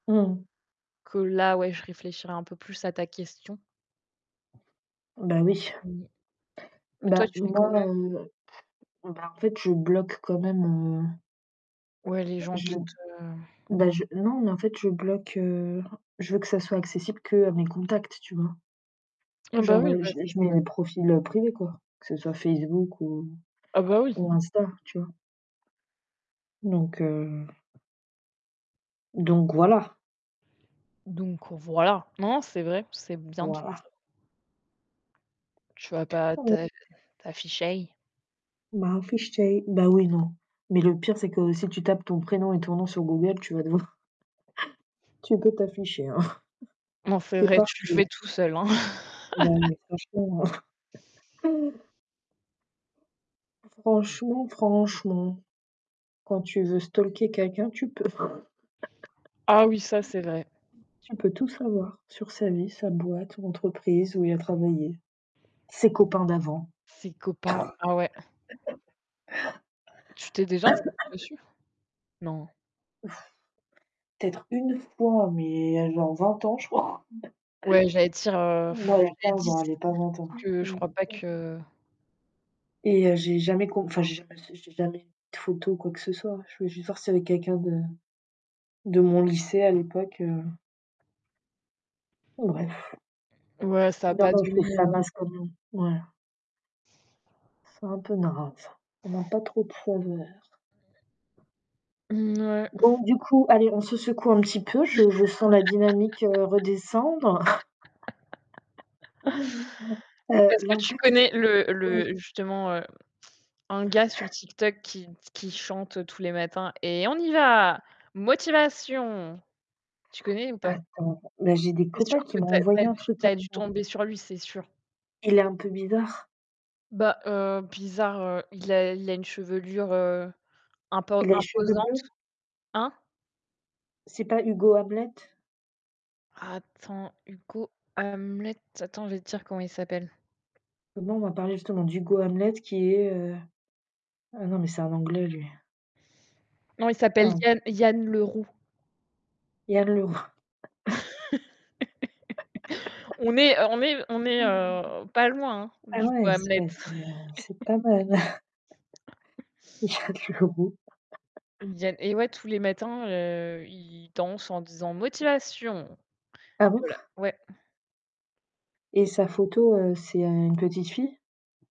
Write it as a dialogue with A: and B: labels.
A: Mmh mh.
B: Que là, ouais, je réfléchirai un peu plus à ta question.
A: Bah oui.
B: Mmh. Mais toi,
A: Bah
B: tu fais
A: moi,
B: comment?
A: heu, bah en fait, je bloque quand même, heu
B: Ouais, les gens qui
A: Je
B: te
A: bah je non, mais en fait, je bloque, heu, je veux que ça soit accessible qu'à mes contacts, tu vois.
B: Ah bah
A: Genre,
B: oui.
A: heu,
B: Bah
A: je
B: c'est
A: je mets mon
B: ça.
A: profil privé quoi, que ce soit Facebook ou
B: Ah bah oui.
A: ou Insta, tu vois. Donc, heu donc voilà.
B: Donc voilà. Non, c'est vrai. C'est bien de faire
A: Voilà.
B: ça. Tu vas pas
A: Ouais.
B: t'a t'afficher.
A: Bah [unintelligible] bah oui. Non. Mais le pire c'est que si tu tapes ton prénom et ton nom sur Google, tu vas te voir. Tu peux t'afficher hein.
B: Non, c'est
A: Tu es
B: vrai, tu le
A: partout.
B: fais tout seul hein.
A: Ouais, mais franchement, heu franchement, franchement quand tu veux stalker quelqu'un, tu peux.
B: Ah oui, ça, c'est vrai.
A: Tu peux tout savoir sur sa vie, sa boîte, son entreprise où il a travaillé, ses copains d'avant.
B: Ses copains. Ah ouais! Tu t'es déjà inscrite dessus? Non?
A: Peut-être 1 fois, mais il y a genre 20 ans, je crois.
B: Ouais, j'allais dire, heu,
A: Non,
B: pff
A: il y a
B: il y a
A: 15
B: 10
A: ans allez,
B: parce
A: pas 20 ans.
B: que je crois pas
A: [unintelligible]
B: que
A: Et heu, j'ai jamais com enfin, j'ai jamais s j'ai jamais de photo ou quoi que ce soit. Je veux juste voir s'il y avais quelqu'un de de mon lycée à l'époque, heu bref.
B: Ouais, ça a
A: Non,
B: pas
A: non. Je trouve
B: donné,
A: ça
B: heu
A: passe quand même. Ouais. C'est un peu grave ça. On n'a pas trop de faveurs.
B: Mmh ouais.
A: Donc du coup, allez, on se secoue un petit peu, je je sens la dynamique redescendre. Heu,
B: Est-ce que tu
A: l'impact.
B: connais le
A: Oui.
B: le justement, heu, un gars sur TikTok qui qui chante tous les matins: «Et on y va! Motivation!» Tu connais ou pas?
A: Attends. Bah j'ai des
B: C'est sûr
A: copains qui
B: que
A: m'ont
B: tu as
A: envoyé
B: tu as
A: un
B: dû
A: truc.
B: tu as dû
A: Attends.
B: tomber sur lui, c'est sûr.
A: Il est un peu bizarre?
B: Bah, heu, bizarre, heu, il a il a une chevelure, heu, impo
A: Il a les cheveux
B: imposante.
A: bleus?
B: Hein?
A: C'est pas Hugo Hamlet?
B: Attends, Hugo Hamlet. Attends, je vais te dire comment il s'appelle.
A: Moi, on m'a parler justement d'Hugo Hamlet qui est, heu ah non, mais c'est un anglais lui.
B: Non, il s'appelle
A: Ah.
B: Yann Yann Leroux.
A: Yann Leroux.
B: On n'est on n'est on n'est, heu, pas loin hein,
A: Ah
B: du coup
A: ouais, c'est pas
B: Hamlet.
A: mais, heu, c'est pas mal. Yann Leroux.
B: Yann et ouais, tous les matins, heu, i il danse en disant: «motivation»
A: Ah
B: et
A: bon?
B: voilà. Ouais.
A: Et sa photo, heu, c'est, heu, une petite fille?